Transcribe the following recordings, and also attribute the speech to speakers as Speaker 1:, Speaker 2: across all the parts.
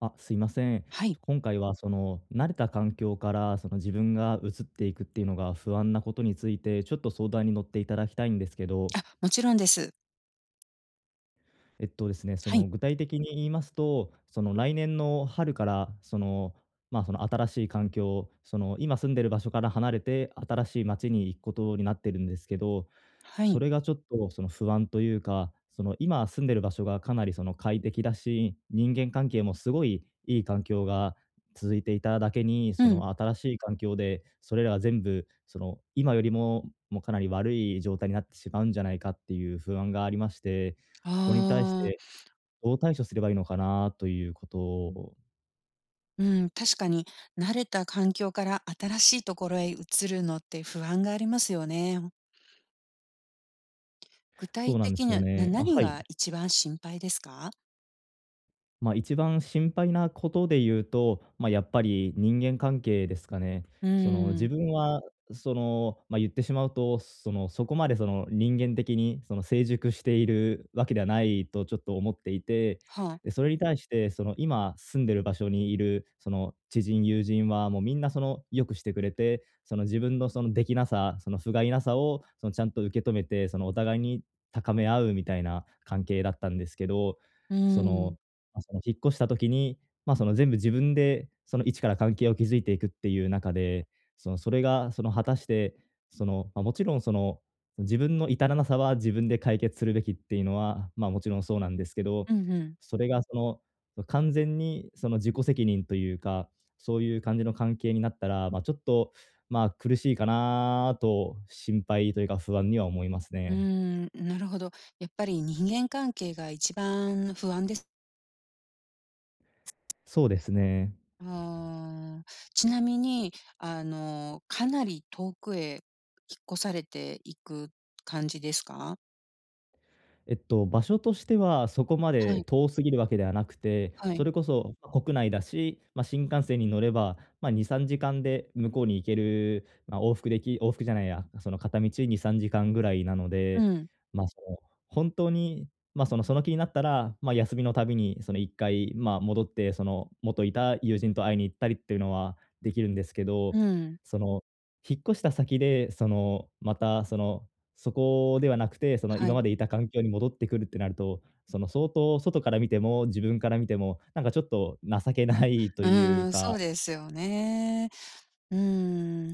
Speaker 1: あ、すいません。
Speaker 2: はい。
Speaker 1: 今回はその、慣れた環境から、その、自分が移っていくっていうのが不安なことについて、ちょっと相談に乗って頂きたいんですけど。
Speaker 2: あ、もちろんです。
Speaker 1: えっとですね、そ
Speaker 2: は
Speaker 1: の、
Speaker 2: い。
Speaker 1: 具体的に言いますと、その、来年の春から、その、ま、その新しい環境、その、今住んでる場所から離れて新しい町に行くことになってるんですけど、
Speaker 2: は
Speaker 1: そ
Speaker 2: い。
Speaker 1: れがちょっとその、不安というか、その、今住んでる場所がかなり、その、快適だし、人間関係もすごい良い環境が続いていただけに、
Speaker 2: う
Speaker 1: そ
Speaker 2: ん。
Speaker 1: の、新しい環境で、それらは全部、その、今よりも、もうかなり悪い状態になってしまうんじゃないかっていう不安がありまして、
Speaker 2: あ
Speaker 1: これに対し
Speaker 2: あ。
Speaker 1: て、どう対処すればいいのかな、ということ。
Speaker 2: うん、確かに、慣れた環境から新しいところへ移るのって不安がありますよね、ほん。具体
Speaker 1: そうなんで
Speaker 2: 的
Speaker 1: す
Speaker 2: に
Speaker 1: よ
Speaker 2: は、な
Speaker 1: ねあ、
Speaker 2: 何
Speaker 1: はい。
Speaker 2: が一番心配ですか？
Speaker 1: ま、一番心配なことで言うと、ま、やっぱり人間関係ですかね。
Speaker 2: うー
Speaker 1: その、自
Speaker 2: ん。
Speaker 1: 分は、その、ま、言ってしまうと、その、そこまでその、人間的に、その、成熟しているわけではないとちょっと思っていて、
Speaker 2: はあ。
Speaker 1: で、それに対して、その、今住んでる場所にいる、その、知人友人はもうみんな、その、良くしてくれて、その、自分のその、出来なさ、その、不甲斐なさを、その、ちゃんと受け止めて、その、お互いに高め合うみたいな関係だったんですけど。
Speaker 2: うー
Speaker 1: その、
Speaker 2: ん。
Speaker 1: ま、その、引っ越した時に、ま、その、全部自分で、その、一から関係を築いていくっていう中で、その、それが、その、果たして、その、ま、もちろん、その、自分の至らなさは自分で解決するべきっていうのは、まあ、もちろんそうなんですけど、
Speaker 2: うんうん。
Speaker 1: それが、その、完全に、その、自己責任というか、そういう感じの関係になったら、ま、ちょっと、まあ苦しいかなと心配というか不安には思います
Speaker 2: うー
Speaker 1: ね。
Speaker 2: ん、んなるほど。やっぱり人間関係が一番不安です
Speaker 1: そうですね。
Speaker 2: うーん。ちなみに、あの、かなり遠くへ引っ越されていく感じですか？
Speaker 1: えっと、場所としてはそこま
Speaker 2: は
Speaker 1: で
Speaker 2: い。
Speaker 1: 遠すぎるわけではなくて、
Speaker 2: は
Speaker 1: そ
Speaker 2: い。
Speaker 1: れこそ、国内だし、ま、新幹線に乗れば、ま、2、3時間で向こうに行ける、ま、往復でき往復じゃないやその片道2、3時間ぐらいなの
Speaker 2: う
Speaker 1: で。
Speaker 2: ん。
Speaker 1: ま、その、ほんとに、ま、そのその気になったら、ま、休みのたびにその一回、ま、戻って、その元いた友人と会いに行ったりっていうのはできるんですけ
Speaker 2: う
Speaker 1: ど、
Speaker 2: ん。
Speaker 1: その、引っ越した先で、そのまた、その、そこではなくて、その
Speaker 2: は
Speaker 1: 今ま
Speaker 2: い。
Speaker 1: でいた環境に戻ってくるってなると、その相当、外から見ても、自分から見ても、なんかちょっと情けないと
Speaker 2: う
Speaker 1: い
Speaker 2: ー
Speaker 1: う
Speaker 2: ん、
Speaker 1: か
Speaker 2: そうですよね。うーん、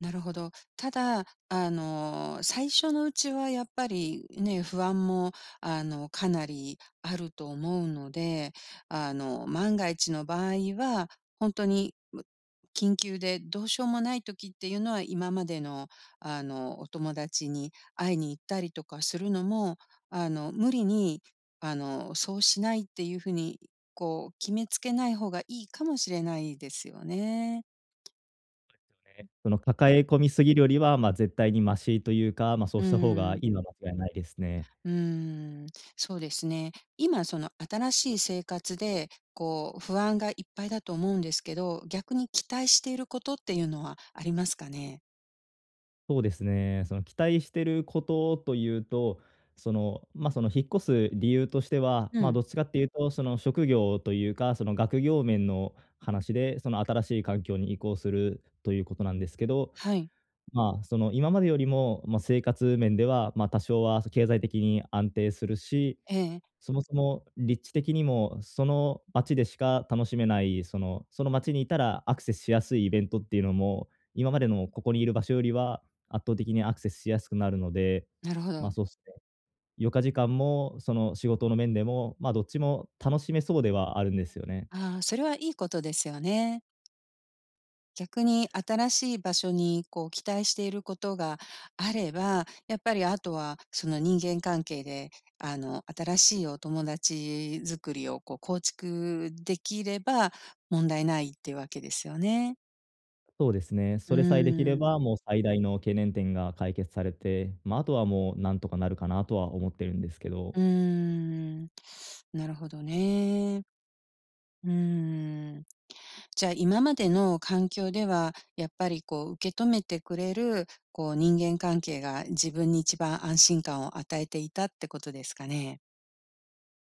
Speaker 2: なるほど。ただあの、最初のうちはやっぱりね、不安もあの、かなりあると思うので、あの、万が一の場合はほんとに緊急で、どうしようもない時っていうのは、今までの、あの、お友達に会いに行ったりとかするのも、あの、無理に、あの、そうしないっていう風にこう、決めつけない方がいいかもしれないですよね。
Speaker 1: そですよね、その、抱え込み過ぎるよりは、まあ、絶対にマシというか、まあ、そう
Speaker 2: うー
Speaker 1: した方が
Speaker 2: ん。
Speaker 1: いいのは間違いないですね。
Speaker 2: うーん、そうですね。今、その、新しい生活で、こう不安がいっぱいだと思うんですけど、逆に期待していることっていうのはありますかね？
Speaker 1: そうですね、その、期待していることというと、その、ま、その引っ越す理由としては、
Speaker 2: う
Speaker 1: まあ、
Speaker 2: ん。
Speaker 1: どっちかって言うとその、職業というか、その、学業面の話で、その新しい環境に移行するということなんですけど、
Speaker 2: はい。
Speaker 1: まあ、その、今までよりも、ま、生活面では、ま、多少は経済的に安定するし、
Speaker 2: ええ。
Speaker 1: そもそも、立地的にもその町でしか楽しめない、そのその町にいたらアクセスしやすいイベントっていうのも、今までのここにいる場所よりは、圧倒的にアクセスしやすくなるので、
Speaker 2: なるほ
Speaker 1: まあ、
Speaker 2: ど。
Speaker 1: そうっすね、余暇時間も、その、仕事の面でも、まあ、どっちも楽しめそうではあるんですよね。
Speaker 2: ああ、それはいいことですよね。逆に新しい場所にこう期待していることがあれば、やっぱりあとはその、人間関係で、あの、新しいお友達作りをこう構築できれば問題ないってわけですよね。
Speaker 1: そうですね。
Speaker 2: う
Speaker 1: それさえできれ
Speaker 2: ーん。
Speaker 1: ば、もう最大の懸念点が解決されて、まあ、あとはもう何とかなるかなとは思ってるんですけど。
Speaker 2: うーん、なるほどね。うーん。じゃあ、今までの環境では、やっぱりこう受け止めてくれる、こう人間関係が自分に一番安心感を与えていたってことですかね？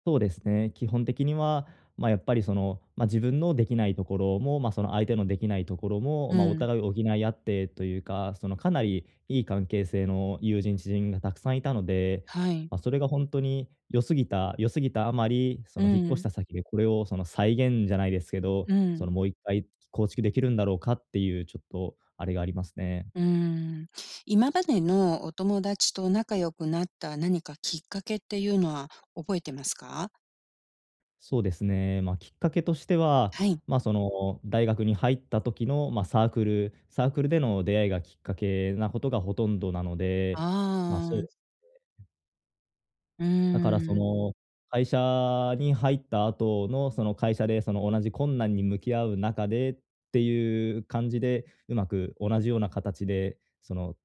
Speaker 1: そうですね、基本的にはま、やっぱりそのまあ、自分のできないところも、ま、その相手のできないところも、
Speaker 2: う
Speaker 1: まあお
Speaker 2: ん。
Speaker 1: 互いを補い合ってというか、そのかなりいい関係性の友人、知人が沢山いたので。
Speaker 2: はい。
Speaker 1: ま、それがほんとに良すぎた良すぎたあまり、そ
Speaker 2: う
Speaker 1: の引っ越し
Speaker 2: ん。
Speaker 1: た先で、これをその再現じゃないですけど、
Speaker 2: う
Speaker 1: その
Speaker 2: ん。
Speaker 1: もう1回、構築できるんだろうかっていうちょっとあれがありますね。
Speaker 2: うーん。今までのお友達と仲良くなった何かきっかけっていうのは覚えてますか？
Speaker 1: そうですね、ま、きっかけとしては、
Speaker 2: はい。
Speaker 1: ま、その大学に入った時のま、サークルサークルでの出会いがきっかけなことがほとんどなので、まあ、そう
Speaker 2: ああ。
Speaker 1: ですね。
Speaker 2: う
Speaker 1: だからそ
Speaker 2: ん。
Speaker 1: の会社に入った後のその会社でその同じ困難に向き合う中で、ていう感じで、上手く同じような形で、その、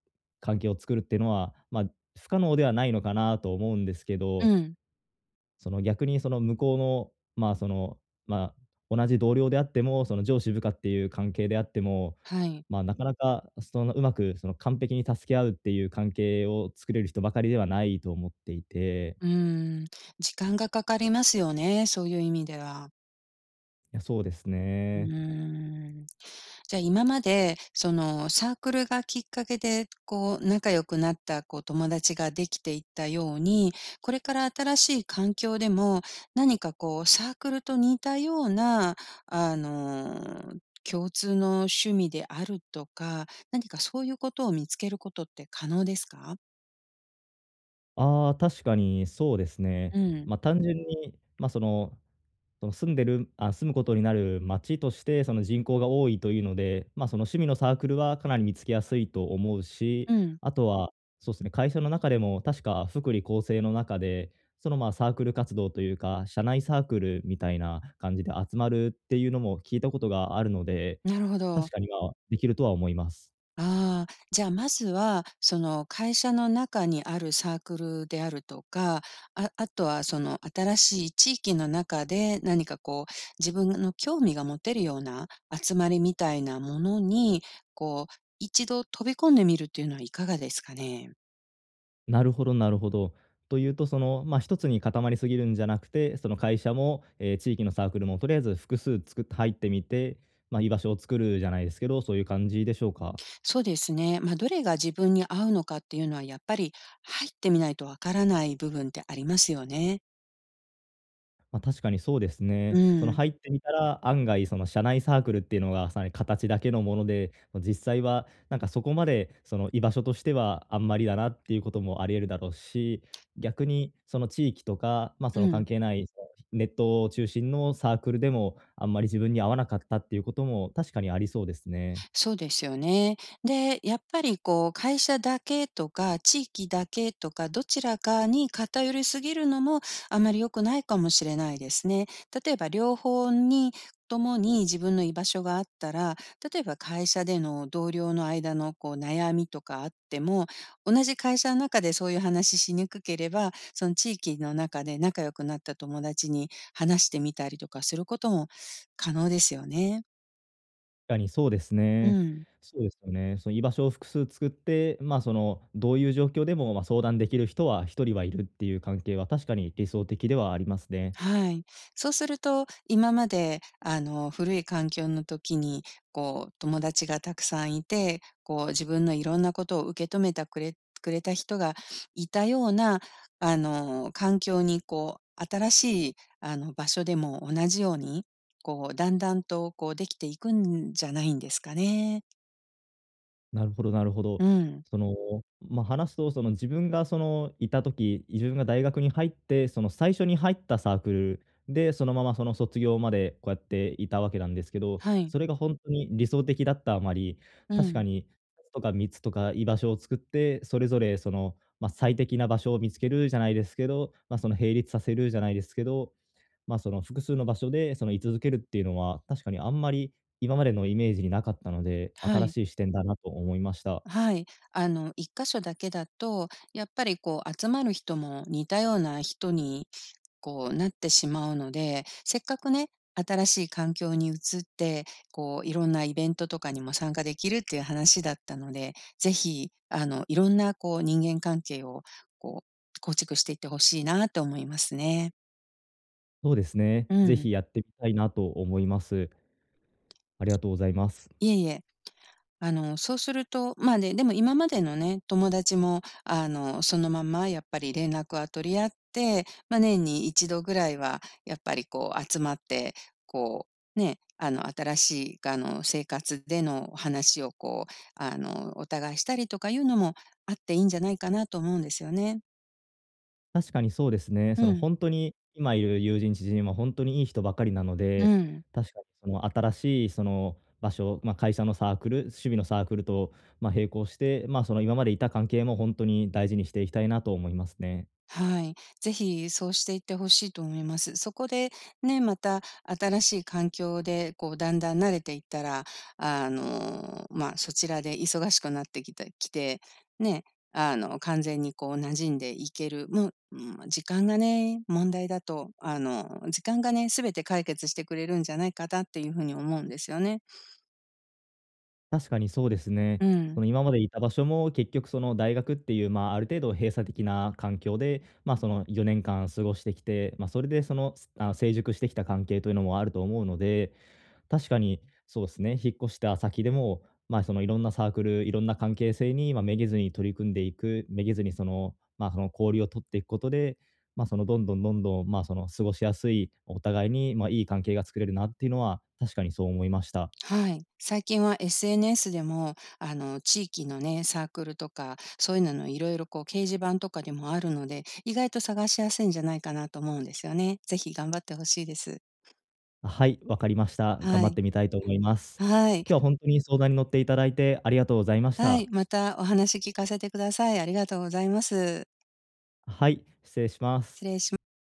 Speaker 1: 関係を作るっていうのは、ま、不可能ではないのかなと思うんですけ
Speaker 2: う
Speaker 1: ど。
Speaker 2: ん。
Speaker 1: その逆にその向こうの、まあ、その、まあ、同じ同僚であっても、その上司部下っていう関係であっても、
Speaker 2: はい。
Speaker 1: ま、なかなかその上手くその完璧に助け合うっていう関係を作れる人ばかりではないと思っていて。
Speaker 2: うーん、時間がかかりますよね、そういう意味では。
Speaker 1: いや、そうです
Speaker 2: うー
Speaker 1: ね。
Speaker 2: ん。じゃ今までそのサークルがきっかけで、こう仲良くなったこう友達ができていったように、これから新しい環境でも何かこうサークルと似たような、あの、共通の趣味であるとか、何かそういうことを見つけることって可能ですか？
Speaker 1: ああ、確かにそうですね。
Speaker 2: うん。
Speaker 1: まあ、単純に、ま、その、その住んでるああ、住むことになる街として、その人口が多いというので、ま、その趣味のサークルはかなり見つけやすいと思うし、
Speaker 2: うん。
Speaker 1: あとは、そうすね、会社の中でも確か福利厚生の中で、その、ま、サークル活動というか、社内サークルみたいな感じで集まるっていうのも聞いたことがあるので、
Speaker 2: なるほ
Speaker 1: 確
Speaker 2: ど。
Speaker 1: かに、まあ、できるとは思います。
Speaker 2: ああ、じゃあまずは、その会社の中にあるサークルであるとか、ああとはその新しい地域の中で何かこう自分の興味が持てるような集まりみたいなものに、こう一度飛び込んでみるというのはいかがですかね。
Speaker 1: なるほど、なるほど。というと、その、ま、一つに固まりすぎるんじゃなくて、その会社も、ええ地域のサークルもとりあえず複数作って入ってみて、ま、居場所を作るじゃないですけど、そういう感じでしょうか？
Speaker 2: そうですね。ま、どれが自分に合うのかっていうのはやっぱり、入ってみないとわからない部分ってありますよね。
Speaker 1: ま、確かにそうですね。
Speaker 2: う
Speaker 1: その
Speaker 2: ん。
Speaker 1: 入ってみたら案外、その社内サークルっていうのがさらに形だけのもので、ま、実際は、なんかそこまでその居場所としてはあんまりだな、っていうこともあり得るだろうし、逆に、その地域とか、ま、そ
Speaker 2: う
Speaker 1: の関
Speaker 2: ん。
Speaker 1: 係ない、そう、ネット中心のサークルでも、あんまり自分に合わなかった、っていうことも確かにありそうですね。
Speaker 2: そうですよね。で、やっぱり、こう、会社だけとか地域だけとか、どちらかに偏りすぎるのも、あまり良くないかもしれないですね。例えば両方に、ともに自分の居場所があったら、例えば会社での同僚の間の、こう、悩みとかあっても、同じ会社の中でそういう話しにくければ、その地域の中で、仲良くなった友達に話してみたりとかすることも、可能ですよね。
Speaker 1: かにそうです
Speaker 2: う
Speaker 1: ね。
Speaker 2: ん。
Speaker 1: そうですよね。その居場所を複数作って、ま、その、どういう状況でも、ま、相談出来る人は1人はいるっていう関係は確かに理想的ではありますね。
Speaker 2: はい。そうすると、今まで、あの、古い環境の時に、こう、友達がたくさんいて、こう、自分の色んなことを受け止めたくれくれた人が居たような、あの、環境に、こう、新しい、あの、場所でも同じように、こう、だんだんと、こう、出来ていくんじゃないんですかね。
Speaker 1: なるほどなるほ
Speaker 2: う
Speaker 1: ど。
Speaker 2: ん。
Speaker 1: その、ま、話すと、その、自分がその、居た時、自分が大学に入って、その、最初に入ったサークルで、そのままその卒業までこうやって居たわけなんですけど、
Speaker 2: はい。
Speaker 1: それがほんとに理想的だったあまり、
Speaker 2: う
Speaker 1: 確か
Speaker 2: ん。
Speaker 1: に、2つとか3つとか居場所を作って、それぞれ、その、ま、最適な場所を見つけるじゃないですけど、ま、その、並立させるじゃないですけど、ま、その、複数の場所で、その、居続けるっていうのは、確かにあんまり、今までのイメージに無かったので、
Speaker 2: は
Speaker 1: 新
Speaker 2: い。
Speaker 1: しい視点だなと思いました。
Speaker 2: はい、あの、一か所だけだと、やっぱり、こう、集まる人も似たような人に、こう、なってしまうので、せっかくね、新しい環境に移って、こう、色んなイベントとかにも参加できるっていう話だったので、ぜひ、あの、色んなこう人間関係を、こう、構築していって欲しいなと思いますね。
Speaker 1: そうですね、
Speaker 2: う
Speaker 1: 是
Speaker 2: ん。
Speaker 1: 非やってみたいなと思います。ありがとうございます。
Speaker 2: いえいえ。あの、そうすると、まあ、ね、でも今までのね、友達も、あの、そのまんまやっぱり連絡は取り合って、ま、年に一度ぐらいはやっぱりこう集まって、こう、ね、あの、新しいがあの、生活での話をこう、あの、お互いしたりとかいうのも、あっていいんじゃないかなと思うんですよね。
Speaker 1: 確かにそうですね。その
Speaker 2: うん。
Speaker 1: ほんとに今いる友人、知人はほんとにいい人ばかりなの
Speaker 2: う
Speaker 1: で、
Speaker 2: ん。
Speaker 1: 確かに、その新しいその場所、ま、会社のサークル、趣味のサークルと、ま、並行して、まあ、その今までいた関係もほんとに大事にしていきたいなと思いますね。
Speaker 2: はい、是非そうしていって欲しいと思います。そこで、ね、また新しい環境でこう、だんだん慣れていったら、あの、まあ、そちらで忙しくなってきたいきて、ね、あの、完全にこう馴染んでいける、もううん、ま、時間がね、問題だと、あの、時間がね、全て解決してくれるんじゃないかだっていうふうに思うんですよね。
Speaker 1: 確かにそうですね。
Speaker 2: う
Speaker 1: そ
Speaker 2: ん。
Speaker 1: の今までいた場所も、結局その大学っていう、まあ、ある程度閉鎖的な環境で、まあ、その4年間過ごしてきて、ま、それでそのすあの成熟してきた関係というのもあると思うので、確かに、そうすね、引っ越した先でも、まあ、その色んなサークル、色んな関係性に、ま、めげずに取り組んでいく、めげずにその、まあ、その氷を取っていくことで、まあ、そのどんどんどんどん、まあ、その過ごしやすい、お互いに、まあ、いい関係が作れるなっていうのは、確かにそう思いました。
Speaker 2: はい。最近は SNS でも、あの、地域のね、サークルとかそういうのの、いろいろこう掲示板とかでもあるので、意外と探しやすいんじゃないかなと思うんですよね。是非、頑張って欲しいです。
Speaker 1: あ、はい、分かりました。頑
Speaker 2: は
Speaker 1: 張っ
Speaker 2: い。
Speaker 1: てみたいと思います。
Speaker 2: はい。
Speaker 1: 今日はほんとに相談に乗っていただいてありがとうございまし
Speaker 2: はい、
Speaker 1: た。
Speaker 2: また、お話聞かせてください。ありがとうございます。
Speaker 1: あ、はい、失礼しま
Speaker 2: 失
Speaker 1: す。
Speaker 2: 礼しむ。